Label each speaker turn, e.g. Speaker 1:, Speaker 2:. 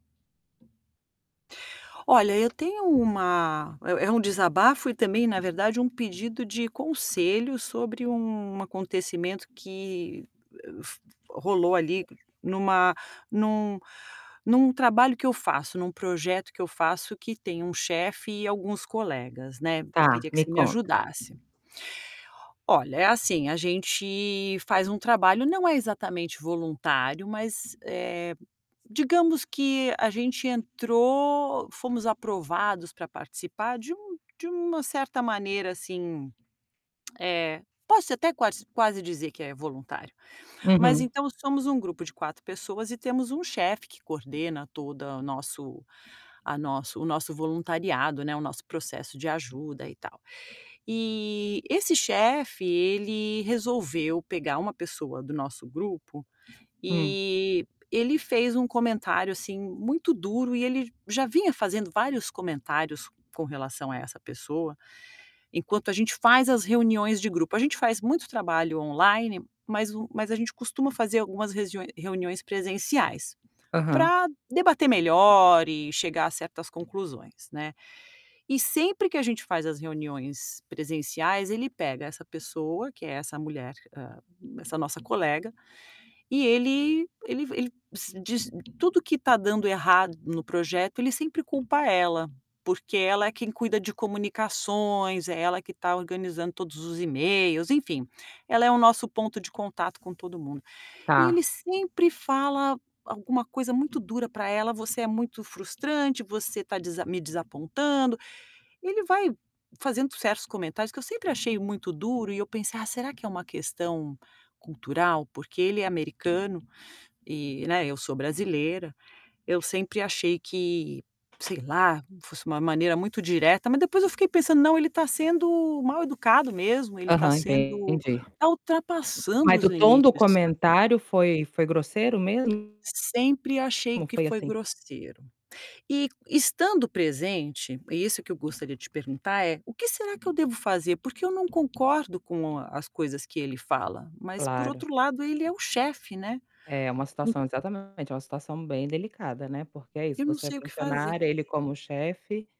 Speaker 1: Olha, eu tenho uma é é um desabafo e também, na verdade, um pedido de conselho sobre um acontecimento que, f rolou ali numa num num trabalho que eu faço, em um projeto que eu faço que tem um chefe e alguns colegas, né.
Speaker 2: Tá,
Speaker 1: Queria que
Speaker 2: me
Speaker 1: você me
Speaker 2: conta.
Speaker 1: ajudasse. Olha, é assim, a gente faz um trabalho, não é exatamente voluntário, mas, eh, digamos que a gente entrou, fomos aprovados pra participar de um de uma certa maneira, assim, eh, posso até quas quase dizer que é voluntário. Mas
Speaker 2: Uhum.
Speaker 1: então somos um grupo de 4 pessoas e temos um chefe que coordena todo nosso a nosso o nosso voluntariado, né, o nosso processo de ajuda e tal. E esse chefe, ele resolveu pegar uma pessoa do nosso grupo
Speaker 2: Hum.
Speaker 1: e ele fez um comentário, assim, muito duro. E ele já vinha fazendo vários comentários com relação a essa pessoa enquanto a gente faz as reuniões de grupo. A gente faz muito trabalho online, mas o mas a gente costuma fazer algumas regi reuniões presenciais
Speaker 2: Aham.
Speaker 1: pra debater melhor e chegar a certas conclusões, né. E sempre que a gente faz as reuniões presenciais, ele pega essa pessoa, que é essa mulher, hã, essa nossa colega, e ele ele v ele diz diz tudo que está dando errado no projeto. Ele sempre culpa ela, porque ela é quem cuida de comunicações, é ela que está organizando todos os e-mails, enfim, ela é o nosso ponto de contato com todo mundo. E
Speaker 2: Tá.
Speaker 1: ele sempre fala alguma coisa muito dura pra ela: "Você é muito frustrante, você tá desa me desapontando", e ele vai fazendo certos comentários que eu sempre achei muito duro. E eu pensei: "Ah, será que é uma questão cultural? Porque ele é americano, e, né, eu sou brasileira". Eu sempre achei que, sei lá, fosse uma maneira muito direta. Mas depois eu fiquei pensando: "Não, ele está sendo mal-educado mesmo, ele está
Speaker 2: Aham,
Speaker 1: sendo
Speaker 2: entendi.
Speaker 1: está ultrapassando
Speaker 2: Mas
Speaker 1: os
Speaker 2: o tom do
Speaker 1: limites", sabe.
Speaker 2: comentário foi foi grosseiro mesmo?
Speaker 1: Sempre achei
Speaker 2: Ou não
Speaker 1: que
Speaker 2: foi,
Speaker 1: foi
Speaker 2: assim?
Speaker 1: grosseiro. E, estando presente, isso que eu gostaria de te perguntar é, o que será que eu devo fazer? Porque eu não concordo com as coisas que ele fala, mas por
Speaker 2: Claro.
Speaker 1: outro lado, ele é o chefe, né.
Speaker 2: É uma
Speaker 1: En
Speaker 2: situação exatamente, é uma situação bem delicada, né, porque é isso,
Speaker 1: Eu não
Speaker 2: você é
Speaker 1: sei o que fazer.
Speaker 2: funcionária, ele como chefe